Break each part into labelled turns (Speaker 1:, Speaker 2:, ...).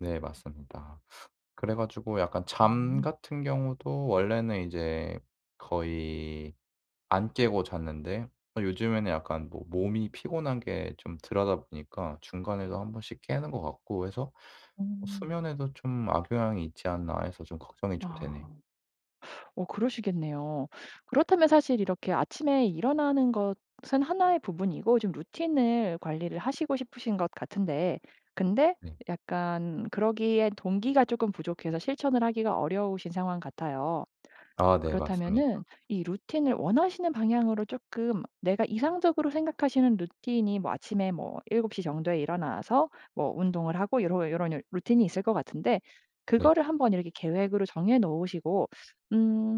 Speaker 1: 네. 맞습니다. 그래가지고 약간 잠
Speaker 2: 음.
Speaker 1: 같은 경우도 원래는 이제 거의 안 깨고 잤는데 요즘에는 약간 뭐 몸이 피곤한 게 좀 들하다보니까 중간에도 1 번씩 깨는 것 같고 해서
Speaker 2: 음.
Speaker 1: '수면에도 좀 악영향이 있지 않나.' 해서 좀 걱정이 좀 되네요.
Speaker 2: 아. 어 그러시겠네요. 그렇다면 사실 이렇게 아침에 일어나는 것은 하나의 부분이고 좀 루틴을 관리를 하시고 싶으신 것 같은데 근데
Speaker 1: 네.
Speaker 2: 약간 그러기엔 동기가 조금 부족해서 실천을 하기가 어려우신 상황 같아요.
Speaker 1: 아 네.
Speaker 2: 그렇다면은
Speaker 1: 맞습니다.
Speaker 2: 이 루틴을 원하시는 방향으로 쪼끔 내가 이상적으로 생각하시는 루틴이 뭐 아침에 뭐 7:00 정도에 일어나서 뭐 운동을 하고 요런 요런 루틴이 있을 것 같은데
Speaker 1: 네.
Speaker 2: 그거를 한번 이렇게 계획으로 정해 놓으시고 음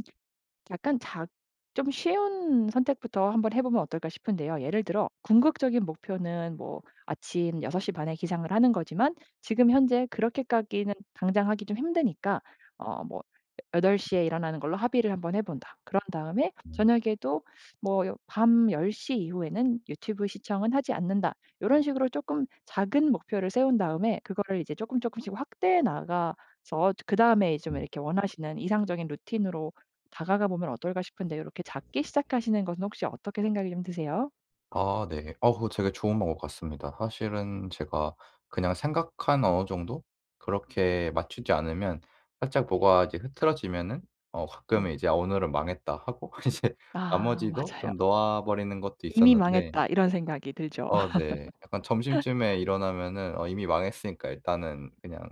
Speaker 2: 약간 작 좀 쉬운 선택부터 한번 해보면 어떨까 싶은데요. 예를 들어 궁극적인 목표는 뭐 아침 6:30 에 기상을 하는 거지만 지금 현재 그렇게까지는 당장 하기 좀 힘드니까 어 뭐 '8:00 에 일어나는 걸로 합의를 한번 해본다. 그런 다음에
Speaker 1: 음.
Speaker 2: 저녁에도 뭐 밤 10:00 이후에는 유튜브 시청은 하지 않는다.' 요런 식으로 쪼끔 작은 목표를 세운 다음에 그거를 이제 쪼끔 조금씩 확대해 나가서 그다음에 좀
Speaker 1: 음.
Speaker 2: 이렇게 원하시는 이상적인 루틴으로 다가가 보면 어떨까 싶은데 요렇게 잡기 시작하시는 것은 혹시 어떻게 생각이 좀 드세요?
Speaker 1: 아, 네. 어, 그거 되게 좋은 방법 같습니다. 사실은 제가 그냥 생각한 어느 정도? 그렇게 맞추지 않으면 살짝 뭐가 이제 흐트러지면은 어 가끔
Speaker 2: 음.
Speaker 1: 이제 '오늘은 망했다.'하고 이제
Speaker 2: 아.
Speaker 1: 나머지도
Speaker 2: 맞아요.
Speaker 1: 좀 놓아버리는 것도
Speaker 2: '이미
Speaker 1: 있었는데.
Speaker 2: 망했다.' 이런 생각이 들죠.
Speaker 1: 어. 네. 약간 점심쯤에 일어나면은 '어 이미 망했으니까 일단은 그냥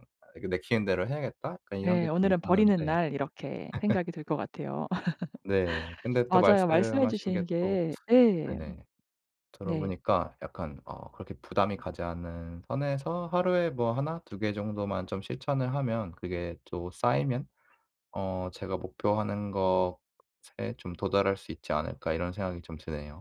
Speaker 1: 내키는 대로 해야겠다.' 약간 이런 게
Speaker 2: 네.
Speaker 1: 좀
Speaker 2: '오늘은 버리는
Speaker 1: 있었는데.
Speaker 2: 날' 이렇게 생각이 들 것 같아요.
Speaker 1: 네. 근데 또
Speaker 2: 맞아요. 말씀해
Speaker 1: 말씀하신 게
Speaker 2: 주신
Speaker 1: 또
Speaker 2: 게 네.
Speaker 1: 네네.
Speaker 2: 네.
Speaker 1: 들어보니까 약간 어 그렇게 부담이 가지 않는 선에서 하루에 뭐 하나 두 개 정도만 좀 실천을 하면 그게 또 쌓이면 어 제가 목표하는 것에 좀 도달할 수 있지 않을까 이런 생각이 좀 드네요.